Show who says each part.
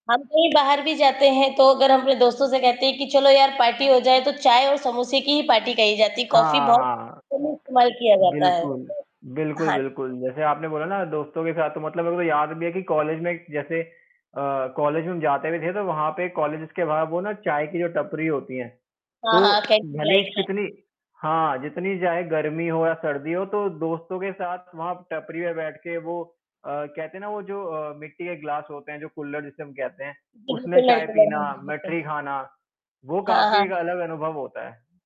Speaker 1: हम कहीं बाहर भी जाते हैं, तो अगर हम अपने दोस्तों से कहते हैं कि चलो यार पार्टी हो जाए, तो चाय और समोसे की ही पार्टी कही जाती है, कॉफ़ी
Speaker 2: हाँ,
Speaker 1: बहुत
Speaker 2: हाँ
Speaker 1: कम ही
Speaker 2: उम,
Speaker 1: इस्तेमाल किया जाता है।
Speaker 2: बिल्कुल। बिल्कुल,
Speaker 1: हाँ।
Speaker 2: बिल्कुल जैसे आपने बोला ना, दोस्तों के साथ तो मतलब मेरे को तो याद भी है कि कॉलेज में एक जैसे अ, कॉलेज में हम जाते भी थे, तो वहाँ पे कॉलेजेज़ के बाहर वो ना चाय की टपरी होती हैं।
Speaker 1: हाँ,
Speaker 2: तो
Speaker 1: हाँ, कैंटीन
Speaker 2: भले ही
Speaker 1: लाइक हाँ।
Speaker 2: कितनी हाँ, जितनी चाहे गर्मी हो या सर्दी हो, तो दोस्तों के साथ वहाँ टपरी पे बैठ के वो अ, कहते है ना वो जो अ, मिट्टी के ग्लास होते हैं, जो कुल्हड़ जिसे हम कहते हैं,
Speaker 1: जी,
Speaker 2: उसमें
Speaker 1: बिल्कुल,
Speaker 2: चाय
Speaker 1: [unintelligible]
Speaker 2: पीना,
Speaker 1: हाँ जी, बिल्कुल।
Speaker 2: मठरी खाना, वो
Speaker 1: हाँ,
Speaker 2: काफ़ी
Speaker 1: हाँ,
Speaker 2: एक
Speaker 1: हाँ।
Speaker 2: अलग अनुभव होता है।